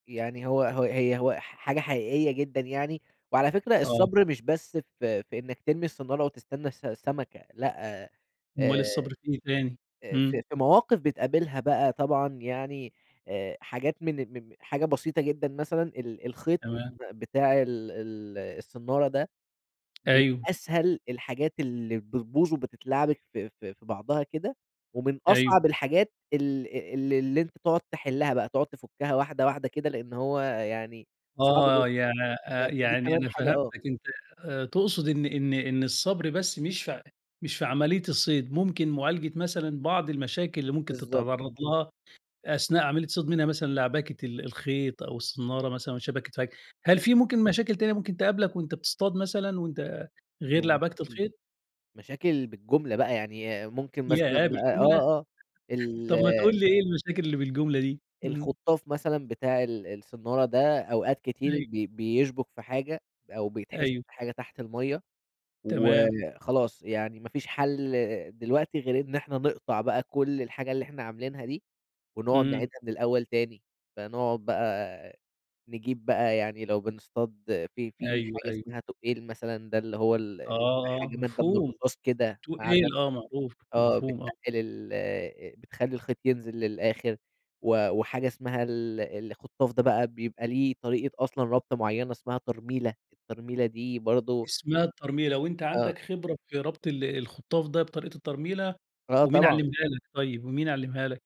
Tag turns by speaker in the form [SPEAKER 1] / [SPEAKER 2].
[SPEAKER 1] يعني هو هو هي هو ح حاجة حقيقية جدًا يعني، وعلى فكرة
[SPEAKER 2] آه.
[SPEAKER 1] الصبر مش بس في في إنّك ترمي الصنّارة وتستنى الس السمكة، لأ، آآ،
[SPEAKER 2] أُمّال
[SPEAKER 1] آآ،
[SPEAKER 2] الصبر في إيه تاني؟ امم.
[SPEAKER 1] في في مواقف بتقابلها بقى طبعًا يعني آآ، حاجات من مم حاجة بسيطة جدًا مثلًا، ال الخيط
[SPEAKER 2] تمام.
[SPEAKER 1] بتاع ال ال الصنّارة ده، من
[SPEAKER 2] أيوه.
[SPEAKER 1] أسهل الحاجات اللي بتبوظ وبتتلعبك في في في بعضها كده ومن
[SPEAKER 2] أيوه.
[SPEAKER 1] أصعب الحاجات ال ال اللي أنت تُقعُد تحلّها بقى، تُقعُد تُفُكّها واحدة واحدة كده، لإن هو يعني صعب
[SPEAKER 2] آه،
[SPEAKER 1] جدًا.
[SPEAKER 2] يعني
[SPEAKER 1] ف
[SPEAKER 2] أ
[SPEAKER 1] فدي
[SPEAKER 2] يعني
[SPEAKER 1] كمان
[SPEAKER 2] أنا
[SPEAKER 1] حاجة
[SPEAKER 2] فهمتك،
[SPEAKER 1] آه.
[SPEAKER 2] أنت آآ، تقصد إن إن إن الصبر بس مش فع مش في عملية الصيد، ممكن معالجة مثلًا بعض المشاكل اللي ممكن
[SPEAKER 1] بالضبط.
[SPEAKER 2] تتعرض لها أثناء عملية الصيد، منها مثلًا لعبكة ال الخيط أو الصنّارة مثلًا والشبك اتفك. هل في
[SPEAKER 1] [unintelligible]
[SPEAKER 2] ممكن مشاكل تانية ممكن تقابلك وأنت بتصطاد مثلًا وأنت
[SPEAKER 1] اللي
[SPEAKER 2] غير
[SPEAKER 1] هو
[SPEAKER 2] لعبكة
[SPEAKER 1] مشاكل
[SPEAKER 2] الخيط؟
[SPEAKER 1] مشاكل بالجملة بقى يعني ممكن مثلًا
[SPEAKER 2] ياه!
[SPEAKER 1] بقى
[SPEAKER 2] بالجملة؟
[SPEAKER 1] آه، آه ال
[SPEAKER 2] طب ما تقول لي إيه المشاكل اللي بالجملة دي؟ امم.
[SPEAKER 1] الخُطّاف مثلًا بتاع ال الصنّارة ده أوقات كتير
[SPEAKER 2] أي
[SPEAKER 1] ب بيشبُك في حاجة أو بيتحشر
[SPEAKER 2] أيوه.
[SPEAKER 1] في حاجة تحت المَيّة
[SPEAKER 2] تمام.
[SPEAKER 1] وخلاص، يعني ما فيش حل دلوقتي غير إن إحنا نقطع بقى كل الحاجة اللي إحنا عاملينها دي ونُقعد
[SPEAKER 2] امم.
[SPEAKER 1] نعيدها من الأول تاني. فنُقعد بقى نجيب بقى يعني لو بنصطاد في في
[SPEAKER 2] أيوه،
[SPEAKER 1] حاجة
[SPEAKER 2] أيوه.
[SPEAKER 1] اسمها تُقّيل مثلًا، ده اللي هو ال
[SPEAKER 2] آه،
[SPEAKER 1] حاجة مادة من
[SPEAKER 2] مفهوم.
[SPEAKER 1] الرصاص كده، معدن،
[SPEAKER 2] تُقّيل، آه معروف،
[SPEAKER 1] آه بتّقِّل
[SPEAKER 2] مفهوم آه.
[SPEAKER 1] ال بتخلّي الخيط ينزل للآخر و وحاجة اسمها ال الخُطّاف ده بقى بيبقى ليه طريقة أصلًا ربطة مُعينة اسمها ترميلة، الترميلة دي برضه
[SPEAKER 2] اسمها الترميلة، وأنت
[SPEAKER 1] آه.
[SPEAKER 2] عندك خبرة في ربط ال الخطاف ده بطريقة الترميلة؟
[SPEAKER 1] آه
[SPEAKER 2] ومين
[SPEAKER 1] طبعًا.
[SPEAKER 2] علمها لك طيب، ومين علمها لك؟